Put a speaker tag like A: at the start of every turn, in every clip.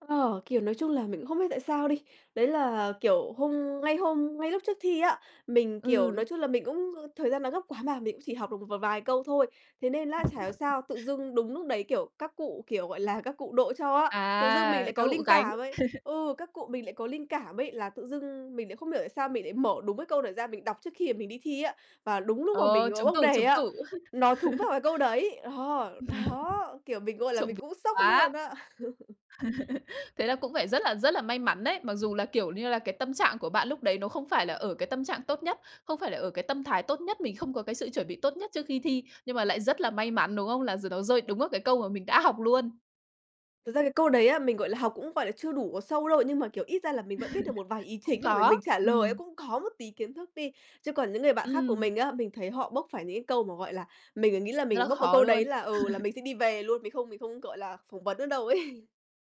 A: Ờ, kiểu, nói chung là mình cũng không biết tại sao đi, đấy là, kiểu, hôm ngay hôm ngay lúc trước thi á, mình, kiểu,
B: Ừ.
A: nói chung là mình cũng, ư, thời gian nó gấp quá mà, mình cũng chỉ học được một v vài câu thôi. Thế nên á, chả hiểu sao tự dưng đúng núc đấy, kiểu, các cụ, kiểu, gọi là, các cụ độ cho á, tự dưng mình
B: À,
A: lại
B: các
A: có
B: cụ
A: linh
B: gánh.
A: cảm ấy. Ừ, các cụ mình lại có linh cảm ấy, là tự dưng mình lại không hiểu tại sao mình lại mở đúng cái câu đó ra mình đọc trước khi mà mình đi thi á, và đúng lúc mà mình,
B: Ờ,
A: ờ,
B: trúng
A: bốc
B: tủ,
A: đề
B: trúng
A: á,
B: tủ.
A: nó thúng vào cái câu đấy. Ờ, đó, kiểu, mình, gọi là,
B: Trộm
A: mình
B: ví
A: cũng sốc luôn
B: quá.
A: á.
B: Thế là cũng phải rất là, rất là may mắn đấy. Mặc dù là, kiểu như là, cái tâm trạng của bạn lúc đấy nó không phải là ở cái tâm trạng tốt nhất, không phải là ở cái tâm thái tốt nhất, mình không có cái sự chuẩn bị tốt nhất trước khi thi, nhưng mà lại rất là may mắn, đúng không? Là giờ nó rơi đúng vào cái câu mà mình đã học luôn.
A: Thật ra cái câu đấy á, mình, gọi là, học cũng, gọi là, chưa đủ có sâu đâu, nhưng mà, kiểu, ít ra là mình vẫn biết được một vài ý
B: Cũng
A: chính là bởi mình
B: có,
A: trả lời ấy
B: ừm.
A: cũng có một tí kiến thức đi. Chứ còn những người bạn khác của
B: Ừm.
A: mình á, mình thấy họ bốc phải những cái câu mà, gọi là, mình, ờ, nghĩ là
B: Rất
A: mình
B: là
A: bốc vào
B: khó
A: câu đấy
B: luôn.
A: là, ừ, là mình sẽ đi về luôn, mình không mình không, gọi là, phỏng vấn nữa đâu ấy.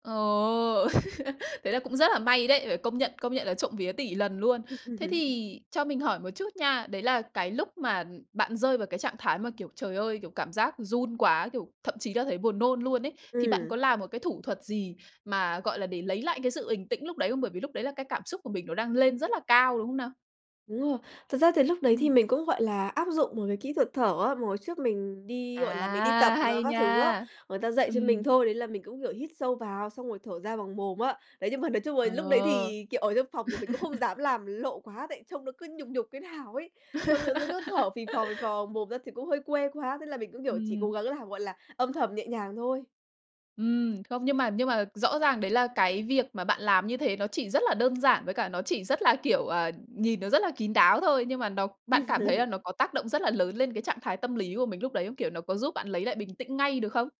B: Ờ, thế là cũng rất là may đấy, phải công nhận, công nhận là trộm vía tỉ lần luôn. Thế thì cho mình hỏi một chút nha, đấy là cái lúc mà, ừm, bạn rơi vào cái trạng thái mà, kiểu, trời ơi, kiểu, cảm giác run quá, kiểu, thậm chí là thấy buồn nôn luôn ấy, thì bạn
A: Ừm.
B: có làm một cái thủ thuật gì mà, gọi là, để lấy lại cái sự bình tĩnh lúc đấy không? Bởi vì lúc đấy là cái cảm xúc của mình nó đang lên rất là cao, đúng không nào?
A: Đúng rồi. Thật ra thì lúc đấy thì
B: Ừm.
A: mình cũng, gọi là, áp dụng một cái kỹ thuật thở á, mà hồi trước mình đi, gọi là, mình đi
B: À,
A: tập, à,
B: hay
A: các thứ á
B: nha!
A: người ta dạy cho mình
B: Ừm.
A: thôi, đấy là mình cũng, kiểu, hít sâu vào xong rồi thở ra bằng mồm á. Đấy, nhưng mà nói chung là lúc đấy
B: Ờ.
A: thì, kiểu, ở trong phòng thì mình cũng không dám làm lộ quá tại trông nó cứ nhục nhục thế nào ấy. Trông tự dưng cứ thở phì phò, phì phò mồm ra thì cũng hơi quê quá, thế là mình cũng, kiểu, chỉ cố
B: Ừm.
A: gắng làm, gọi là, âm thầm, nhẹ nhàng thôi.
B: Ừm, không, nhưng mà nhưng mà rõ ràng đấy là cái việc mà bạn làm như thế nó chỉ rất là đơn giản, với cả nó chỉ rất là, kiểu, ờ, nhìn nó rất là kín đáo thôi. Nhưng mà nó bạn cảm thấy là nó có tác động rất là lớn lên cái trạng thái tâm lý của mình lúc đấy không? Kiểu, nó có giúp bạn lấy lại bình tĩnh ngay được không?